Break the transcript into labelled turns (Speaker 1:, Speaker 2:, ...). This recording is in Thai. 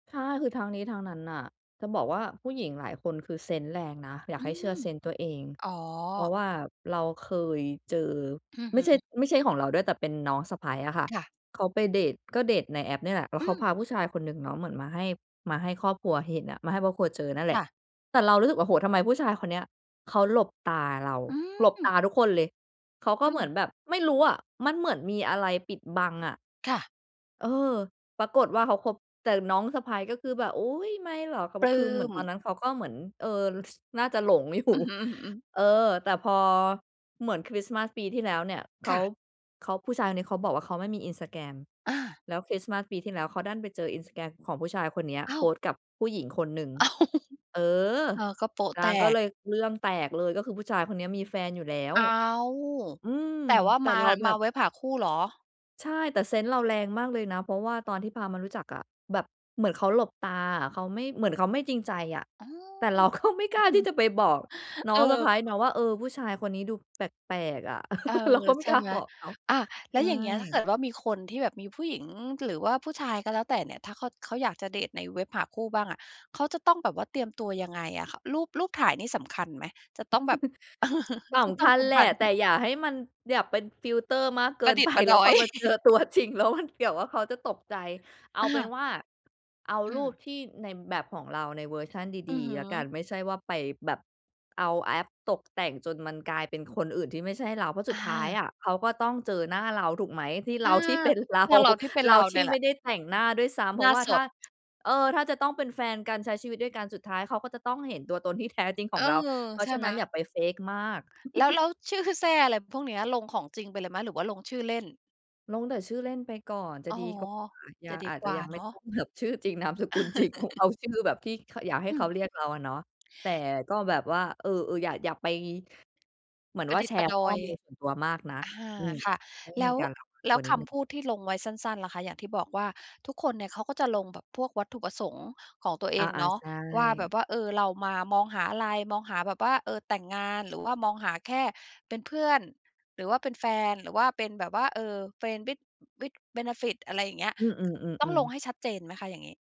Speaker 1: ค่ะ คือทั้งนี้ทั้งนั้นน่ะจะบอกว่าผู้หญิงหลายคนคือเซนส์แรงนะ อยา
Speaker 2: อ
Speaker 1: ก
Speaker 2: ื
Speaker 1: ให้เชื่อ
Speaker 2: ม
Speaker 1: เซนส์ตัวเอง
Speaker 2: อ๋อ
Speaker 1: เพราะว่าเราเคยเจอ
Speaker 2: อือ
Speaker 1: ไม
Speaker 2: ฮ
Speaker 1: ่ใช่
Speaker 2: ึ
Speaker 1: ไม่ใช่ของเราด้วย แต่เป็นน้องสะใภ้อะค่ะ
Speaker 2: ค่ะ
Speaker 1: เขาไปเดต ก็เดตในแอปเนี่ยแหละ แล้
Speaker 2: อ
Speaker 1: ว
Speaker 2: ื
Speaker 1: เขา
Speaker 2: ม
Speaker 1: พาผู้ชายคนหนึ่งเนาะเหมือนมาให้ มาให้ครอบครัวเห็นอะ มาให้ครอบครัวเจอนั่นแหล
Speaker 2: ค
Speaker 1: ะ
Speaker 2: ่ะ
Speaker 1: แต่เรารู้สึกว่า โอ้โฮ ทำไมผู้ชายคนเนี้ยเขาหลบตาเรา
Speaker 2: อื
Speaker 1: หลบต
Speaker 2: ม
Speaker 1: าทุกคนเลย เขาก็
Speaker 2: อื
Speaker 1: เหม
Speaker 2: ม
Speaker 1: ือนแบบ ไม่รู้อะ มันเหมือนมีอะไรปิดบังอะ
Speaker 2: ค่ะ
Speaker 1: เออ ปรากฏว่าเขาคบ แต่น้องสะใภ้ก็คือแบบ "อุ๊ย! ไม่หรอก" เขาบ
Speaker 2: ป
Speaker 1: อก
Speaker 2: ลื
Speaker 1: คื
Speaker 2: ้
Speaker 1: อเหมือน
Speaker 2: ม
Speaker 1: ตอนนั้นเขาก็เหมือน เออ ส น่าจะหลง อยู่
Speaker 2: อือฮึ อือ
Speaker 1: เออ แต่พอเหมือนคริสต์มาสปีที่แล้วเนี่ย เข
Speaker 2: ค่
Speaker 1: า
Speaker 2: ะ
Speaker 1: เขา ผู้ชายคนนี้เขาบอกว่าเขาไม่มี Instagram
Speaker 2: อา
Speaker 1: แล้วคริสต์มาสปีที่แล้วเขาดันไปเจอ Instagram ของผู้ชายคนเนี้ย
Speaker 2: อ้
Speaker 1: โพ
Speaker 2: าว
Speaker 1: สต์กับผู้หญิงคนหนึ่ง
Speaker 2: อ้าว
Speaker 1: เออ
Speaker 2: เออ ก็โป๊ะ
Speaker 1: น
Speaker 2: แต
Speaker 1: างก็
Speaker 2: ก
Speaker 1: เลยเรื่องแตกเลย ก็คือผู้ชายคนเนี้ยมีแฟนอยู่แล้ว
Speaker 2: อ้าว
Speaker 1: อืม
Speaker 2: แต่ว่า
Speaker 1: แต่
Speaker 2: มา
Speaker 1: เราแ
Speaker 2: ม
Speaker 1: บ
Speaker 2: า
Speaker 1: บ
Speaker 2: เว็บหาคู่เหรอ?
Speaker 1: ใช่ แต่เซนส์เราแรงมากเลยนะ เพราะว่าตอนที่พามารู้จักอะแบบเหมือนเขาหลบตาอะ เขาไม่ เหมือนเขาไม่จริงใจอะ
Speaker 2: อ๋
Speaker 1: แต่เร
Speaker 2: อ
Speaker 1: าก็ไม่กล้าที่จะไปบอกน้อ
Speaker 2: เอ
Speaker 1: งสะ
Speaker 2: อ
Speaker 1: ใภ้เนาะว่า เออ ผู้ชายคนนี้ดูแปลก ๆ อะ
Speaker 2: เออ
Speaker 1: เราก็ไม่
Speaker 2: ใช่
Speaker 1: กล้า
Speaker 2: ไหม
Speaker 1: บอกเขา
Speaker 2: อา แ
Speaker 1: ใ
Speaker 2: ล
Speaker 1: ช
Speaker 2: ้ว
Speaker 1: ่
Speaker 2: อย่างเงี้ย ถ้าเกิดว่ามีคนที่แบบ มีผู้หญิงหรือว่าผู้ชายก็แล้วแต่เนี่ย ถ้าเขา เขาอยากจะเดตในเว็บหาคู่บ้างอะ เขาจะต้องแบบว่าเตรียมตัวยังไงอะคะ รูป รูปถ่ายนี่สำคัญไหม? จะต้องแบบ
Speaker 1: ส
Speaker 2: ก็
Speaker 1: ำ
Speaker 2: ต้
Speaker 1: ค
Speaker 2: อง
Speaker 1: ัญ
Speaker 2: สัม
Speaker 1: แห
Speaker 2: ผ
Speaker 1: ล
Speaker 2: ั
Speaker 1: ะ
Speaker 2: ส ห
Speaker 1: แต่อย่าให้มัน อย่าเป็นฟิลเตอร์มากเ
Speaker 2: ป
Speaker 1: กิ
Speaker 2: ระ
Speaker 1: น
Speaker 2: ดิ
Speaker 1: ไ
Speaker 2: ษ
Speaker 1: ป
Speaker 2: ฐ์ประ
Speaker 1: แ
Speaker 2: ด
Speaker 1: ล้ว
Speaker 2: อ
Speaker 1: พ
Speaker 2: ย
Speaker 1: อมาเจอ ตัวจริง แล้วมัน เกี่ยวว่าเดี๋ยวเขาจะตกใจ เอา
Speaker 2: อ
Speaker 1: เป็น
Speaker 2: า
Speaker 1: ว่าเอา
Speaker 2: อื
Speaker 1: รู
Speaker 2: ม
Speaker 1: ปที่ ในแบบของเราในเวอร์ชัน
Speaker 2: อ
Speaker 1: ด
Speaker 2: ือ
Speaker 1: ี
Speaker 2: ฮึ
Speaker 1: ๆ แล้วกัน ไม่ใช่ว่าไปแบบ เอาแอปตกแต่งจนมันกลายเป็นคนอื่นที่ไม่ใช่เรา เพราะส
Speaker 2: อ
Speaker 1: ุดท้ายอ
Speaker 2: า
Speaker 1: ะเขาก็ต้องเจอหน้าเรา ถูกไหม ที่เ
Speaker 2: อ
Speaker 1: ร
Speaker 2: า
Speaker 1: า ที่เป็นเรา
Speaker 2: ตัวเราที่เป็น
Speaker 1: เร
Speaker 2: เ
Speaker 1: า
Speaker 2: รา
Speaker 1: ท
Speaker 2: เน
Speaker 1: ี
Speaker 2: ี
Speaker 1: ่
Speaker 2: ่ยแห
Speaker 1: ไ
Speaker 2: ล
Speaker 1: ม่
Speaker 2: ะ
Speaker 1: ได้แต่งหน้าด้วยซ้ำ เ
Speaker 2: หน
Speaker 1: พรา
Speaker 2: ้า
Speaker 1: ะว่า
Speaker 2: ส
Speaker 1: ถ้า
Speaker 2: ด
Speaker 1: เออ ถ้าจะต้องเป็นแฟนกัน ใช้ชีวิตด้วยกัน สุดท้ายเขาก็จะต้องเห็นตัวตนที่แท้จริง
Speaker 2: เ
Speaker 1: ข
Speaker 2: อ
Speaker 1: อ
Speaker 2: อ
Speaker 1: งเรา เพรา
Speaker 2: ใช
Speaker 1: ะ
Speaker 2: ่
Speaker 1: ฉะ
Speaker 2: ไ
Speaker 1: น
Speaker 2: หม?
Speaker 1: ั้นอย่าไป fake มาก
Speaker 2: แล้ว แล้วชื่อแซ่ อะไรพวกเนี้ย ลงของจริงไปเลยไหมหรือว่าลงชื่อเล่น?
Speaker 1: ลงแต่ชื่อเล่นไปก่อนจ
Speaker 2: อ
Speaker 1: ะ
Speaker 2: ๋อ
Speaker 1: ดีกว่า ย
Speaker 2: จ
Speaker 1: ั
Speaker 2: ะ
Speaker 1: ง
Speaker 2: ดี
Speaker 1: อาจ
Speaker 2: ก
Speaker 1: จ
Speaker 2: ว
Speaker 1: ะ
Speaker 2: ่า
Speaker 1: ยังไ
Speaker 2: เน
Speaker 1: ม่
Speaker 2: า
Speaker 1: ต
Speaker 2: ะ
Speaker 1: ้องแบบ ชื่อจริง นามสกุล จริงของ เอา ชื่อแบบที่ ค อยากให้
Speaker 2: อื
Speaker 1: เขา
Speaker 2: ม
Speaker 1: เรียกเราอะเนาะ แต่ก็แบบว่า เออ ๆ อย่า อย่าไป เหมือน
Speaker 2: ปร
Speaker 1: ว
Speaker 2: ะ
Speaker 1: ่า
Speaker 2: ดิษ
Speaker 1: แช
Speaker 2: ฐ์ปร
Speaker 1: ร
Speaker 2: ะ
Speaker 1: ์
Speaker 2: ด
Speaker 1: ข้
Speaker 2: อ
Speaker 1: อ
Speaker 2: ย
Speaker 1: มูลส่วนตัวมากนัก
Speaker 2: อา
Speaker 1: อืม
Speaker 2: ค่ะ
Speaker 1: ต้อง
Speaker 2: แล
Speaker 1: ม
Speaker 2: ้
Speaker 1: ี
Speaker 2: ว
Speaker 1: การระวัง
Speaker 2: แล
Speaker 1: ต
Speaker 2: ้
Speaker 1: ั
Speaker 2: ว
Speaker 1: วนิ
Speaker 2: ค
Speaker 1: ดหนึ่
Speaker 2: ำพ
Speaker 1: ง
Speaker 2: ูดที่ลงไว้สั้น ๆ ล่ะคะ อย่างที่บอกว่า ทุกคนเนี่ยเขาก็จะลงแบบพวกวัตถุประสงค์ของตัวเ
Speaker 1: อ
Speaker 2: อ
Speaker 1: า
Speaker 2: งเนา
Speaker 1: ๆ
Speaker 2: ะ
Speaker 1: ใช
Speaker 2: ว่าแบ
Speaker 1: ่
Speaker 2: บว่า เออ เรามามองหาอะไร มองหาแบบว่า เออ แต่งงาน หรือว่ามองหาแค่เป็นเพื่อน หรือว่าเป็นแฟน หรือว่าเป็นแบบว่า เออ friend with with benefit อะไรอย่างเงี้ย ก
Speaker 1: อื
Speaker 2: ต้อง
Speaker 1: อ
Speaker 2: ล
Speaker 1: ๆ
Speaker 2: ง
Speaker 1: ๆ ๆ
Speaker 2: ให้ชัดเจนไหมคะ อย่างงี้?